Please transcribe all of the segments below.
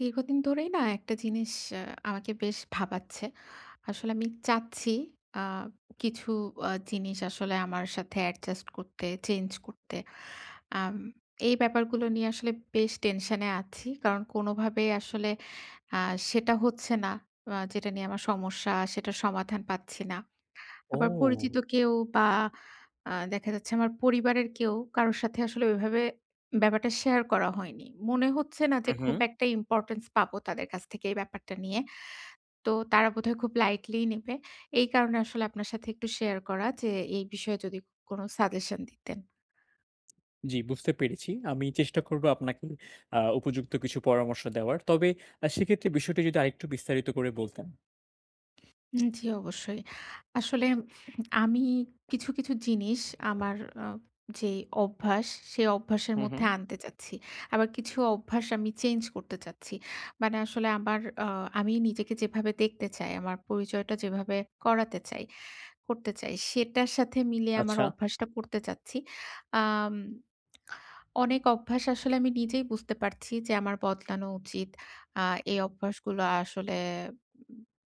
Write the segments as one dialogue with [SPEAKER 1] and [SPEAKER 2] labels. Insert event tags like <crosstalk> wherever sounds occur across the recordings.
[SPEAKER 1] দীর্ঘদিন ধরেই না একটা জিনিস আ আমাকে বেশ ভাবাচ্ছে। আসলে আমি চাচ্ছি আ কিছু আ জিনিস আসলে আমার সাথে adjust করতে, চেঞ্জ করতে। আম এই ব্যাপারগুলো নিয়ে আসলে বেশ টেনশনে আছি। কারণ কোনভাবেই আসলে আ সেটা হচ্ছে না। আ যেটা নিয়ে আমার সমস্যা, সেটার সমাধান পাচ্ছি না। আবার পরিচিত
[SPEAKER 2] ও!
[SPEAKER 1] কেউ বা আ দেখা যাচ্ছে আমার পরিবারের কেউ, কারো সাথে আসলে ওইভাবে ব্যাপারটা শেয়ার করা হয়নি। মনে হচ্ছে না যে
[SPEAKER 2] হু,
[SPEAKER 1] খুব
[SPEAKER 2] হু।
[SPEAKER 1] একটা importance পাবো তাদের কাছ থেকে এই ব্যাপারটা নিয়ে। তো তারা বোধহয় খুব lightly নিবে। এই কারণে আসলে আপনার সাথে একটু শেয়ার করা যে, এই বিষয়ে যদি কোনো সাজেশন দিতেন।
[SPEAKER 2] জি, বুঝতে পেরেছি। আমি চেষ্টা করবো আপনাকে আ উপযুক্ত কিছু পরামর্শ দেওয়ার। তবে আ সেক্ষেত্রে বিষয়টি যদি আরেকটু বিস্তারিত করে বলতেন।
[SPEAKER 1] হুম জি, অবশ্যই। আসলে আমি কিছু, কিছু জিনিস আমার অ যে অভ্যাস, সে অভ্যাসের
[SPEAKER 2] হু,
[SPEAKER 1] মধ্যে
[SPEAKER 2] হু।
[SPEAKER 1] আনতে চাচ্ছি। আবার কিছু অভ্যাস আমি চেঞ্জ করতে চাচ্ছি। মানে আসলে আমার আ আমি নিজেকে যেভাবে দেখতে চাই, আমার পরিচয়টা যেভাবে করাতে চাই করতে চাই, সেটার সাথে মিলিয়ে আমার
[SPEAKER 2] আচ্ছা।
[SPEAKER 1] অভ্যাসটা করতে চাচ্ছি। আম অনেক অভ্যাস আসলে আমি নিজেই বুঝতে পারছি যে আমার বদলানো উচিত। আ এই অভ্যাসগুলো আসলে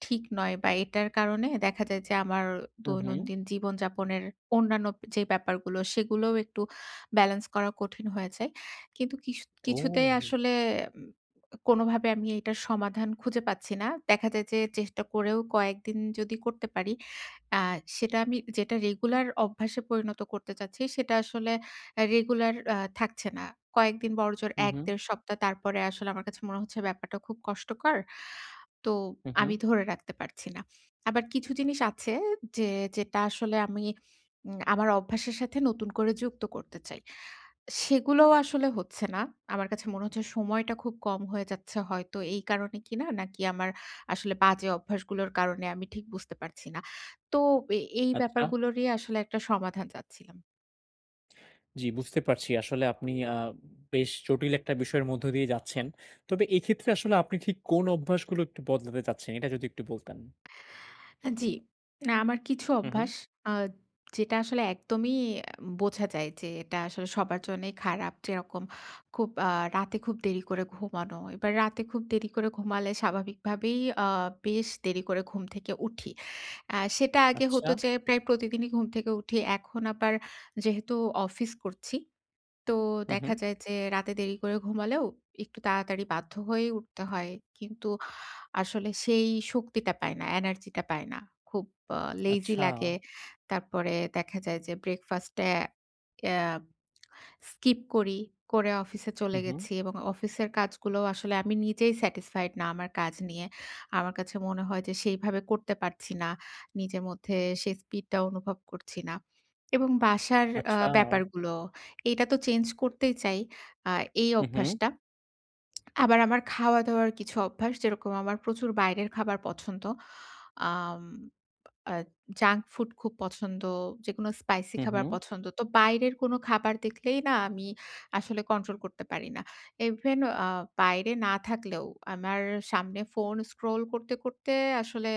[SPEAKER 1] ঠিক নয় বা এটার কারণে দেখা যায় যে আমার
[SPEAKER 2] হু, হুম।
[SPEAKER 1] দৈনন্দিন জীবনযাপনের অন্যান্য যে ব্যাপারগুলো, সেগুলোও একটু ব্যালেন্স করা কঠিন হয়ে যায়। কিন্তু কিশু কিছুতেই
[SPEAKER 2] ও!
[SPEAKER 1] আসলে কোনোভাবে আমি এইটার সমাধান খুঁজে পাচ্ছি না। দেখা যায় যে চেষ্টা করেও কয়েকদিন যদি করতে পারি, আ সেটা আমি যেটা রেগুলার অভ্যাসে পরিণত করতে চাচ্ছি, সেটা আসলে এ্যা রেগুলার আ থাকছে না। কয়েকদিন বড়জোর
[SPEAKER 2] হু, হু।
[SPEAKER 1] ১-১.৫ সপ্তাহ, তারপরে আসলে আমার কাছে মনে হচ্ছে ব্যাপারটা খুব কষ্টকর। তো
[SPEAKER 2] হু,
[SPEAKER 1] আমি
[SPEAKER 2] হু।
[SPEAKER 1] ধরে রাখতে পারছি না। আবার কিছু জিনিস আছে যে যেটা আসলে আমি উম আমার অভ্যাসের সাথে নতুন করে যুক্ত করতে চাই। সেগুলোও আসলে হচ্ছে না। আমার কাছে মনে হচ্ছে সময়টা খুব কম হয়ে যাচ্ছে হয়তো এই কারণে কিনা? নাকি আমার আসলে বাজে অভ্যাসগুলোর কারণে? আমি ঠিক বুঝতে পারছি না। তো এ এই
[SPEAKER 2] আচ্ছা।
[SPEAKER 1] ব্যাপারগুলো নিয়ে আসলে একটা সমাধান চাচ্ছিলাম।
[SPEAKER 2] জি, বুঝতে পারছি। আসলে আপনি আ বেশ জটিল একটা বিষয়ের মধ্য দিয়ে যাচ্ছেন। তবে এক্ষেত্রে আসলে আপনি ঠিক কোন অভ্যাসগুলো একটু বদলাতে চাচ্ছেন এটা যদি একটু বলতেন?
[SPEAKER 1] হ্যাঁ, জি। আমার কিছু
[SPEAKER 2] হুম, হুম।
[SPEAKER 1] অভ্যাস আ যেটা আসলে একদমই ইয়া বোঝা যায়, যে এটা আসলে সবার জন্যই খারাপ। যেরকম খুব আ রাতে খুব দেরি করে ঘুমানো। এবার রাতে খুব দেরি করে ঘুমালে স্বাভাবিকভাবেই আ বেশ দেরি করে ঘুম থেকে উঠি। আ সেটা আগে হত
[SPEAKER 2] আচ্ছা।
[SPEAKER 1] যে প্রায় প্রতিদিনই ঘুম থেকে উঠি। এখন আবার যেহেতু অফিস করছি। তো
[SPEAKER 2] হুম,
[SPEAKER 1] দেখা
[SPEAKER 2] হুম।
[SPEAKER 1] যায় যে রাতে দেরি করে ঘুমালেও একটু তাড়াতাড়ি বাধ্য হয়েই উঠতে হয়। কিন্তু আসলে সেই শক্তিটা পায় না, এনার্জি টা পায় না। খুব আ লেজি
[SPEAKER 2] আচ্ছা।
[SPEAKER 1] লাগে। তারপরে দেখা যায় যে ব্রেকফাস্ট এ এ স্কিপ করি, করে অফিসে চলে
[SPEAKER 2] হুম, হুম।
[SPEAKER 1] গেছি। এবং অফিসের কাজগুলো আসলে আমি নিজেই স্যাটিসফাইড না আমার কাজ নিয়ে। আমার কাছে মনে হয় যে সেইভাবে করতে পারছি না। নিজের মধ্যে সেই স্পিডটা অনুভব করছি না। এবং বাসার আ
[SPEAKER 2] আচ্ছা।
[SPEAKER 1] ব্যাপারগুলো, এটা তো চেঞ্জ করতেই চাই। আ এই <swallows>
[SPEAKER 2] হুম, হুম।
[SPEAKER 1] অভ্যাসটা। আবার আমার খাওয়া-দাওয়ার কিছু অভ্যাস যেরকম আমার প্রচুর বাইরের খাবার পছন্দ আম আদ জাঙ্ক ফুড খুব পছন্দ, যেকোনো স্পাইসি
[SPEAKER 2] হুম,
[SPEAKER 1] খাবার
[SPEAKER 2] হুম।
[SPEAKER 1] পছন্দ, তো বাইরের কোনো খাবার দেখলেই না আমি আসলে কন্ট্রোল করতে পারি না। ইভেন আ বাইরে না থাকলেও আমার সামনে ফোন স্ক্রল করতে, করতে আসলে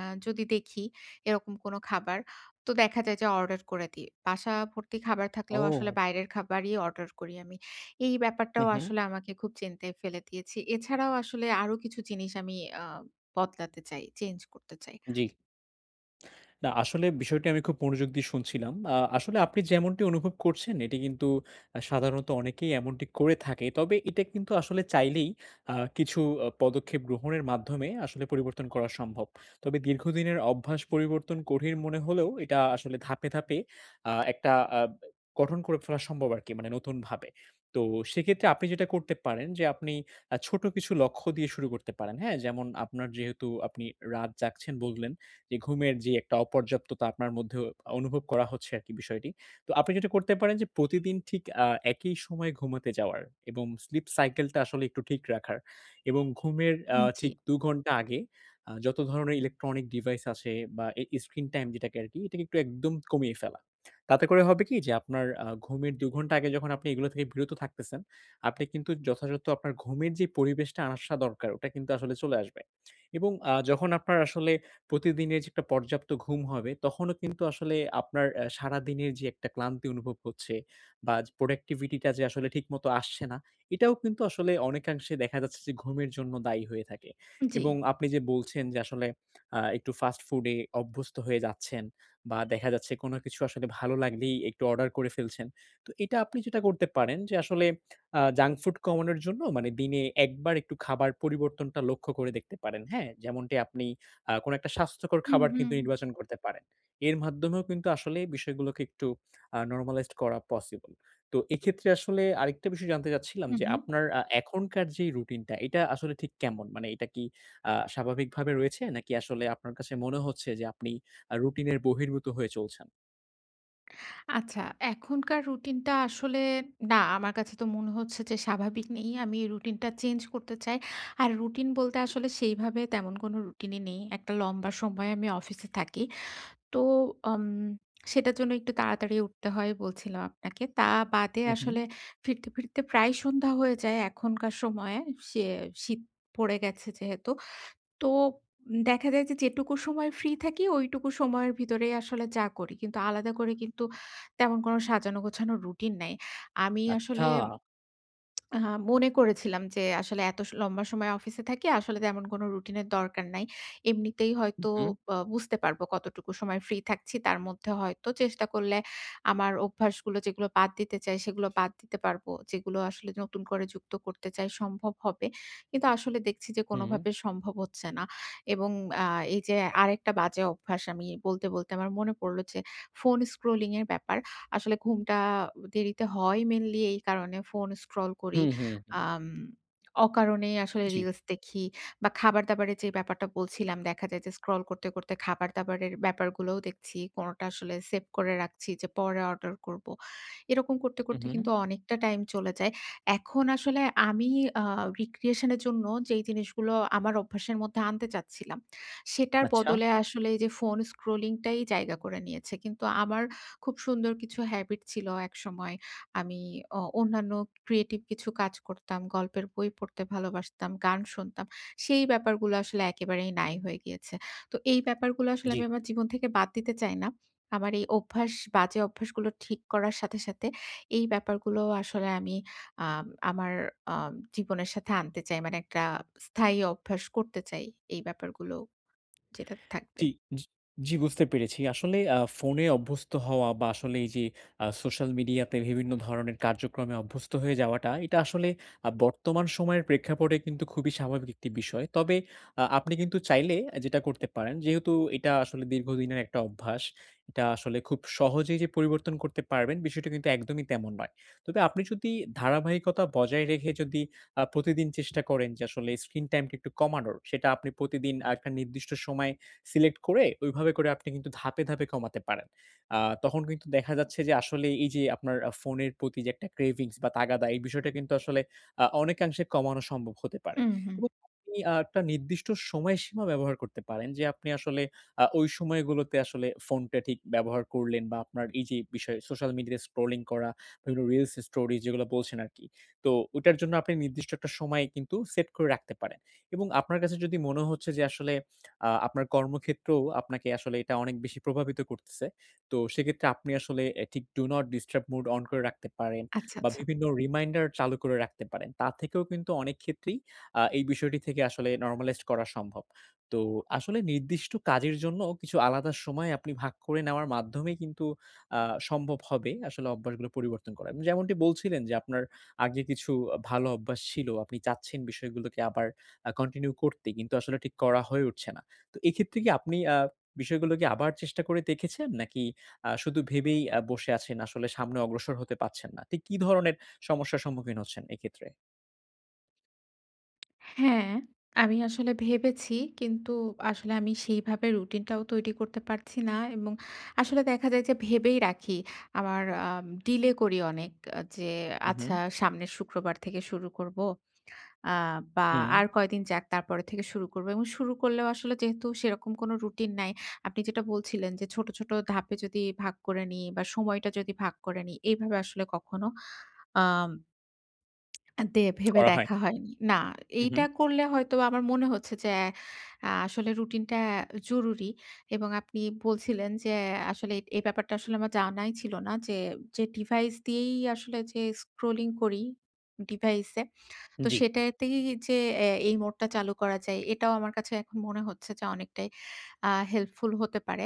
[SPEAKER 1] আ যদি দেখি, এরকম কোন খাবার তো দেখা যায় যে অর্ডার করে দিই। বাসা ভর্তি খাবার থাকলেও আসলে
[SPEAKER 2] ওউ!
[SPEAKER 1] বাইরের খাবারই অর্ডার করি আমি। এই
[SPEAKER 2] হুম,
[SPEAKER 1] ব্যাপারটাও
[SPEAKER 2] হুম।
[SPEAKER 1] আসলে আমাকে খুব চিন্তায় ফেলে দিয়েছি। এছাড়াও আসলে আরো কিছু জিনিস আমি আ বদলাতে চাই, চেঞ্জ করতে চাই।
[SPEAKER 2] জি। না, আসলে বিষয়টি আমি খুব মনোযোগ দিয়ে শুনছিলাম। আ আসলে আপনি যেমনটি অনুভব করছেন এটি কিন্তু আ সাধারণত অনেকেই এমনটি করে থাকে। তবে এটা কিন্তু আসলে চাইলেই আ কিছু আ পদক্ষেপ গ্রহণের মাধ্যমে আসলে পরিবর্তন করা সম্ভব। তবে দীর্ঘদিনের অভ্যাস পরিবর্তন কঠিন মনে হলেও এটা আসলে ধাপে, ধাপে আ একটা আ গঠন করে ফেলা সম্ভব আরকি মানে নতুনভাবে। তো সেক্ষেত্রে আপনি যেটা করতে পারেন যে আপনি আ ছোট কিছু লক্ষ্য দিয়ে শুরু করতে পারেন। হ্যাঁ? যেমন আপনার যেহেতু আপনি রাত জাগছেন বললেন, যে ঘুমের যে একটা অপর্যাপ্ততা আপনার মধ্যেও অনুভব করা হচ্ছে আরকি বিষয়টি। তো আপনি যেটা করতে পারেন যে প্রতিদিন ঠিক আ একই সময়ে ঘুমাতে যাওয়ার। এবং স্লিপ সাইকেলটা আসলে একটু ঠিক রাখার। এবং ঘুমের আ
[SPEAKER 1] উম জি।
[SPEAKER 2] ঠিক ২ ঘন্টা আগে আ যত ধরনের ইলেকট্রনিক ডিভাইস আছে বা এ স্ক্রিন টাইম যেটাকে আরকি এটাকে একদম কমিয়ে ফেলা। তাতে করে হবে কি যে আপনার আ ঘুমের ২ ঘন্টা আগে যখন আপনি এগুলো থেকে বিরত থাকতেছেন, আপনি কিন্তু যথাযথ আপনার ঘুমের যে পরিবেশটা আসা দরকার ওটা কিন্তু আসলে চলে আসবে। এবং আ যখন আপনার আসলে প্রতিদিনের যে একটা পর্যাপ্ত ঘুম হবে, তখনও কিন্তু আসলে আপনার এ সারাদিনের যে একটা ক্লান্তি অনুভব করছে বা যে প্রোডাক্টিভিটি টা যে আসলে ঠিক মত আসছে না। এটাও কিন্তু আসলে অনেকাংশে দেখা যাচ্ছে যে ঘুমের জন্য দায়ী হয়ে থাকে। এবং
[SPEAKER 1] জি।
[SPEAKER 2] আপনি যে বলছেন যে আসলে আ একটু ফাস্ট ফুড এ অভ্যস্ত হয়ে যাচ্ছেন বা দেখা যাচ্ছে কোনো কিছু আসলে ভালো লাগলেই একটু অর্ডার করে ফেলছেন। তো এটা আপনি যেটা করতে পারেন, যে আসলে আ জাঙ্ক ফুড কমানোর জন্য মানে দিনে একবার একটু খাবার পরিবর্তনটা লক্ষ্য করে দেখতে পারেন। হ্যাঁ? যেমনটি আপনি আ কোনো একটা স্বাস্থ্যকর
[SPEAKER 1] হুম,
[SPEAKER 2] খাবার কিন্তু
[SPEAKER 1] হুম।
[SPEAKER 2] নির্বাচন করতে পারেন। এর মাধ্যমেও কিন্তু আসলে বিষয়গুলোকে একটু আ নরমালাইজড করা পসিবল। তো এক্ষেত্রে আসলে আরেকটা বিষয় জানতে চাচ্ছিলাম
[SPEAKER 1] হুম,
[SPEAKER 2] যে
[SPEAKER 1] হুম।
[SPEAKER 2] আপনার আ এখনকার যেই রুটিন টা এটা আসলে ঠিক কেমন? মানে এটা কি আ স্বাভাবিকভাবে রয়েছে নাকি আসলে আপনার কাছে মনে হচ্ছে যে আপনি আ রুটিনের বহির্ভূত হয়ে চলছেন?
[SPEAKER 1] আচ্ছা, এখনকার রুটিন টা আসলে না, আমার কাছে তো মনে হচ্ছে যে স্বাভাবিক নেই। আমি রুটিন টা চেঞ্জ করতে চাই। আর রুটিন বলতে আসলে সেইভাবে তেমন কোনো রুটিন ই নেই। একটা লম্বা সময়ে আমি অফিসে থাকি। তো আম সেটার জন্য একটু তাড়াতাড়ি উঠতে হয় বলছিলাম আপনাকে। তা বাদে
[SPEAKER 2] হুম, হুম।
[SPEAKER 1] আসলে ফিরতে, ফিরতে প্রায় সন্ধ্যা হয়ে যায় এখনকার সময়ে সে শীত পড়ে গেছে যেহেতু। তো উম দেখা যায় যে যেটুকু সময় ফ্রি থাকি ঐটুকু সময়ের ভিতরেই আসলে যা করি। কিন্তু আলাদা করে কিন্তু তেমন কোন সাজানো গোছানো রুটিন নাই। আমি
[SPEAKER 2] আচ্ছা।
[SPEAKER 1] আসলে আ মনে করেছিলাম যে আসলে এত স লম্বা সময় অফিসে থাকি। আসলে তেমন কোন রুটিনের দরকার নাই। এমনিতেই
[SPEAKER 2] হুম,
[SPEAKER 1] হয়তো
[SPEAKER 2] হুম।
[SPEAKER 1] অ্যা বুঝতে পারবো কতটুকু সময় ফ্রি থাকছি। তার মধ্যে হয়তো চেষ্টা করলে আমার অভ্যাসগুলো যেগুলো বাদ দিতে চাই সেগুলো বাদ দিতে পারবো। যেগুলো আসলে নতুন করে যুক্ত করতে চাই সম্ভব হবে। কিন্তু আসলে দেখছি যে,
[SPEAKER 2] হুম।
[SPEAKER 1] কোনভাবে সম্ভব হচ্ছে না। এবং অ্যা এইযে আরেকটা বাজে অভ্যাস আমি বলতে, বলতে আমার মনে পড়লো যে, ফোন স্ক্রলিং এর ব্যাপার। আসলে ঘুমটা দেরিতে হয় মেইনলি এই কারণে, ফোন স্ক্রল করি।
[SPEAKER 2] হুম, হুম, হুম।
[SPEAKER 1] আম অকারণেই আসলে
[SPEAKER 2] জ্বি।
[SPEAKER 1] রিলস দেখি বা খাবার দাবারের যে ব্যাপারটা বলছিলাম, দেখা যায় যে স্ক্রল করতে, করতে খাবার দাবারের ব্যাপারগুলোও দেখছি। কোনটা আসলে সেভ করে রাখছি যে পরে অর্ডার করবো। এরকম করতে,
[SPEAKER 2] হুম,
[SPEAKER 1] করতে কিন্তু
[SPEAKER 2] হুম।
[SPEAKER 1] অনেকটা টাইম চলে যায়। এখন আসলে আমি অ্যা রিক্রিয়েশন এর জন্য যেই জিনিসগুলো আমার অভ্যাসের মধ্যে আনতে চাচ্ছিলাম, সেটার
[SPEAKER 2] আচ্ছা।
[SPEAKER 1] বদলে আসলে এইযে, ফোন স্ক্রলিং টাই জায়গা করে নিয়েছে। কিন্তু আমার খুব সুন্দর কিছু হেবিট ছিলো একসময়। আমি অ অন্যান্য ক্রিয়েটিভ কিছু কাজ করতাম, গল্পের বই পড়তে ভালোবাসতাম, গান শুনতাম। সেই ব্যাপারগুলো আসলে একেবারেই নাই হয়ে গিয়েছে। তো এই ব্যাপারগুলো আসলে
[SPEAKER 2] জ্বি।
[SPEAKER 1] আমি আমার জীবন থেকে বাদ দিতে চাই না। আমার এই অভ্যাস, বাজে অভ্যাসগুলো ঠিক করার সাথে, সাথে এই ব্যাপারগুলো আসলে আমি আম আমার অ্যা জীবনের সাথে আনতে চাই। মানে একটা স্থায়ী অভ্যাস করতে চাই এই ব্যাপারগুলো যেটাতে থাকবে।
[SPEAKER 2] টি জি, জি, বুঝতে পেরেছি। আসলে অ্যা ফোনে অভ্যস্ত হওয়া বা আসলে এইযে, অ্যা সোশ্যাল মিডিয়া পে বিভিন্ন ধরনের কার্যক্রমে অভ্যস্ত হয়ে যাওয়াটা এটা আসলে আ বর্তমান সময়ের প্রেক্ষাপটে কিন্তু খুবই স্বাভাবিক একটি বিষয়। তবে অ্যা আপনি কিন্তু চাইলে অ্যা যেটা করতে পারেন যেহেতু এটা আসলে দীর্ঘদিনের একটা অভ্যাস। এটা আসলে খুব সহজেই যে, পরিবর্তন করতে পারবেন বিষয়টা কিন্তু একদমই তেমন নয়। তবে আপনি যোদি ধারাবাহিকতা বজায় রেখে যদি, আ প্রতিদিন চেষ্টা করেন যে, আসলে স্ক্রিন টাইম টা একটু কমানোর। সেটা আপনি প্রতিদিন আ একটা নির্দিষ্ট সময় সিলেক্ট করে ওইভাবে করে আপনি কিন্তু ধাপে, ধাপে কমাতে পারেন। আ তখন কিন্তু দেখা যাচ্ছে যে, আসলে এইযে আপনার আ ফোনের প্রতি যে একটা ক্রেভিংস বা তাগাদা এই বিষয়টা কিন্তু আসলে আ অনেকাংশে কমানো সম্ভব হতে পারে।
[SPEAKER 1] হুম, হু।
[SPEAKER 2] এবং আপনি আ একটা নির্দিষ্ট সময়সীমা ব্যবহার করতে পারেন। যে আপনি আসলে আ ওই সময়গুলোতে আসলে ফোনটা ঠিক ব্যবহার করলেন। বা আপনার এইযে বিষয় সোশ্যাল মিডিয়া স্ক্রোলিং করা বিভিন্ন রিলস স্টোরি যেগুলো বলছেন আরকি। তো ওইটার জন্য আপনি নির্দিষ্ট একটা সময় কিন্তু সেট করে রাখতে পারেন। এবং আপনার কাছে যদি মনে হচ্ছে যে, আসলে আ আপনার কর্মক্ষেত্রেও আপনাকে আসলে এটা অনেক বেশি প্রভাবিত করতেছে। তো সেক্ষেত্রে আপনি আসলে এ ঠিক Do Not Disturb Mode on করে রাখতে পারেন।
[SPEAKER 1] আচ্ছা,
[SPEAKER 2] বা
[SPEAKER 1] আচ্ছা।
[SPEAKER 2] বিভিন্ন রিমাইন্ডার চালু করে রাখতে পারেন। তার থেকেও কিন্তু অনেক ক্ষেত্রেই অ্যা এই বিষয়টি থেকে আসলে নরমালাইজড করা সম্ভব। তো আসলে নির্দিষ্ট কাজের জন্য কিছু আলাদা সময় আপনি ভাগ করে নেওয়ার মাধ্যমেই কিন্তু অ্যা সম্ভব হবে। আসলে অভ্যাসগুলো পরিবর্তন করা। যেমনটি বলছিলেন যে, আপনার আগে কিছু আ ভালো অভ্যাস ছিলো, আপনি চাচ্ছেন বিষয়গুলোকে আবার অ্যা কন্টিনিউ করতে কিন্তু আসলে ঠিক করা হয়ে উঠছে না। তো এক্ষেত্রে কি আপনি অ্যা বিষয়গুলো কি আবার চেষ্টা করে দেখেছেন? নাকি অ্যা শুধু ভেবেই অ্যা বসে আছেন? আসলে সামনে অগ্রসর হতে পারছেন না? ঠিক কী ধরনের সমস্যার সম্মুখীন হচ্ছেন এক্ষেত্রে?
[SPEAKER 1] হ্যাঁ, আমি আসলে ভেবেছি কিন্তু আসলে আমি সেইভাবে রুটিন টাও তৈরি করতে পারছি না এবং আসলে দেখা যায় যে ভেবেই রাখি আমার আম ডিলে করি অনেক আ যে
[SPEAKER 2] হু,
[SPEAKER 1] আচ্ছা,
[SPEAKER 2] হু।
[SPEAKER 1] সামনের শুক্রবার থেকে শুরু করব আ বা
[SPEAKER 2] হুম।
[SPEAKER 1] আর কয়দিন যাক তারপরে থেকে শুরু করব এবং শুরু করলেও আসলে যেহেতু সেরকম কোন রুটিন নাই। আপনি যেটা বলছিলেন যে ছোট, ছোট ধাপে যদি ভাগ করে নি বা সময়টা যদি ভাগ করে নি এইভাবে আসলে কখনো আম <clicks tongue> দে ভেবে
[SPEAKER 2] করা হয়।
[SPEAKER 1] দেখা হয়নি। না,
[SPEAKER 2] হু,
[SPEAKER 1] এইটা
[SPEAKER 2] হু।
[SPEAKER 1] করলে হয়তো বা আমার মনে হচ্ছে যে অ্যা আসলে রুটিনটা জরুরি এবং আপনি বলছিলেন যে অ্যা আসলে এই, এই ব্যাপারটা আসলে আমার জানাই ছিল না। যে, যে ডিভাইস দিয়েই আসলে যে স্ক্রলিং করি, ডিভাইস এ। তো
[SPEAKER 2] জ্বি।
[SPEAKER 1] সেটাতেই যে অ্যা এই মোডটা চালু করা যায় এটাও আমার কাছে এখন মনে হচ্ছে যে অনেকটাই আ হেল্পফুল হতে পারে।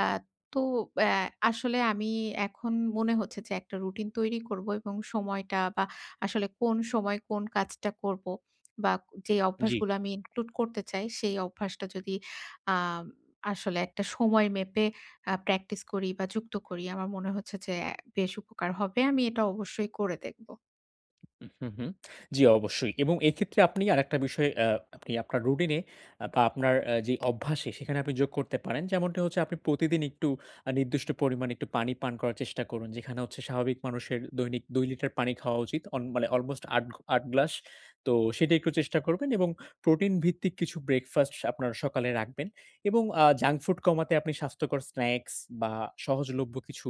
[SPEAKER 1] অ্যা তো অ্যা আসলে আমি এখন মনে হচ্ছে যে একটা রুটিন তৈরি করব এবং সময়টা বা আসলে কোন সময় কোন কাজটা করব বা কো যে
[SPEAKER 2] জ্বি।
[SPEAKER 1] অভ্যাসগুলা আমি ইনক্লুড করতে চাই সেই অভ্যাসটা যদি আম আসলে একটা সময় মেপে আ প্র্যাকটিস করি বা যুক্ত করি আমার মনে হচ্ছে যে অ্যা বেশ উপকার হবে। আমি এটা অবশ্যই করে দেখব।
[SPEAKER 2] হু, হুম। জ্বী, অবশ্যই। এবং এইক্ষেত্রে আপনি আরেকটা বিষয় আ আপনি আপনার রুটিনে আ বা আপনার আ যে অভ্যাসে, সেখানে আপনি যোগ করতে পারেন। যেমনটা হচ্ছে আপনি প্রতিদিন একটু আ নির্দিষ্ট পরিমাণ, একটু পানি পান করার চেষ্টা করুন। যেখানে হচ্ছে স্বাভাবিক মানুষের, দৈনিক ২ লিটার পানি খাওয়া উচিত। অন মানে অলমোস্ট ৮ ঘ ৮ গ্লাস। তো, সেটাই একটু চেষ্টা করবেন এবং প্রোটিন ভিত্তিক কিছু ব্রেকফাস্ট আপনার সকালে রাখবেন। এবং আ জাঙ্ক ফুড কমাতে আপনি স্বাস্থ্যকর স্ন্যাক্স বা সহজলভ্য কিছু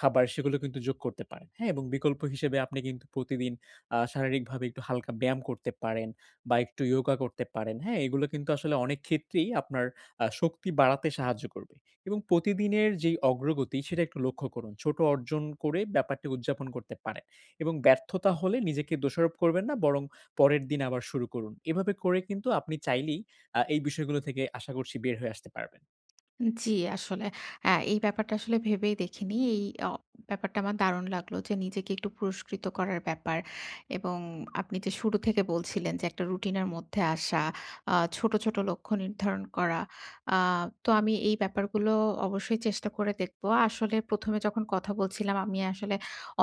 [SPEAKER 2] খাবার, সেগুলো কিন্তু যোগ করতে পারেন। হ্যা? এবং বিকল্প হিসেবে আপনি কিন্তু প্রতিদিন আ শারীরিকভাবে একটু হালকা ব্যায়াম করতে পারেন, বা একটু ইয়োগা করতে পারেন। হ্যাঁ? এগুলো কিন্তু আসলে অনেক ক্ষেত্রেই, আপনার আ শক্তি বাড়াতে সাহায্য করবে। এবং প্রতিদিনের যে অগ্রগতি, সেটা একটু লক্ষ্য করুন। ছোট অর্জন করে, ব্যাপারটি উদযাপন করতে পারেন। এবং ব্যর্থতা হলে নিজেকে দোষারোপ করবেন না, বরং পরের দিন আবার শুরু করুন। এভাবে করে কিন্তু আপনি চাইলেই, আ এই বিষয়গুলো থেকে, আশা করছি বের হয়ে আসতে পারবেন।
[SPEAKER 1] জ্বী, আসলে। অ্যা এই ব্যাপারটা আসলে ভেবেই দেখিনি। এই অ ব্যাপারটা আমার দারুণ লাগলো যে, নিজেকে একটু পুরস্কৃত করার ব্যাপার। এবং আপনি যে শুরু থেকে বলছিলেন যে, একটা রুটিন এর মধ্যে আসা, আ ছোট, ছোট লক্ষ্য নির্ধারণ করা। আ তো, আমি এই ব্যাপারগুলো অবশ্যই চেষ্টা করে দেখব। আসলে প্রথমে যখন কথা বলছিলাম আমি আসলে,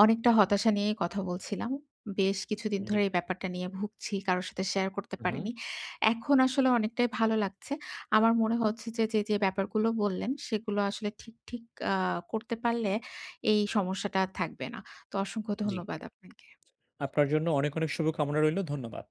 [SPEAKER 1] অনেকটা হতাশা নিয়েই কথা বলছিলাম। বেশ কিছুদিন ধরে,
[SPEAKER 2] জ্বী।
[SPEAKER 1] এই ব্যাপারটা নিয়ে ভুগছি। কারো সাথে শেয়ার করতে
[SPEAKER 2] হু,
[SPEAKER 1] পারিনি।
[SPEAKER 2] হুম।
[SPEAKER 1] এখন আসলে, অনেকটাই ভালো লাগছে। আমার মনে হচ্ছে যে যে, যে ব্যাপারগুলো বললেন, সেগুলো আসলে ঠিক ঠিক আ করতে পারলে, এই সমস্যাটা আর থাকবে না। তো, অসংখ্য
[SPEAKER 2] জ্বী।
[SPEAKER 1] ধন্যবাদ আপনাকে।
[SPEAKER 2] আপনার জন্য অনেক, অনেক শুভ কামনা রইল। ধন্যবাদ।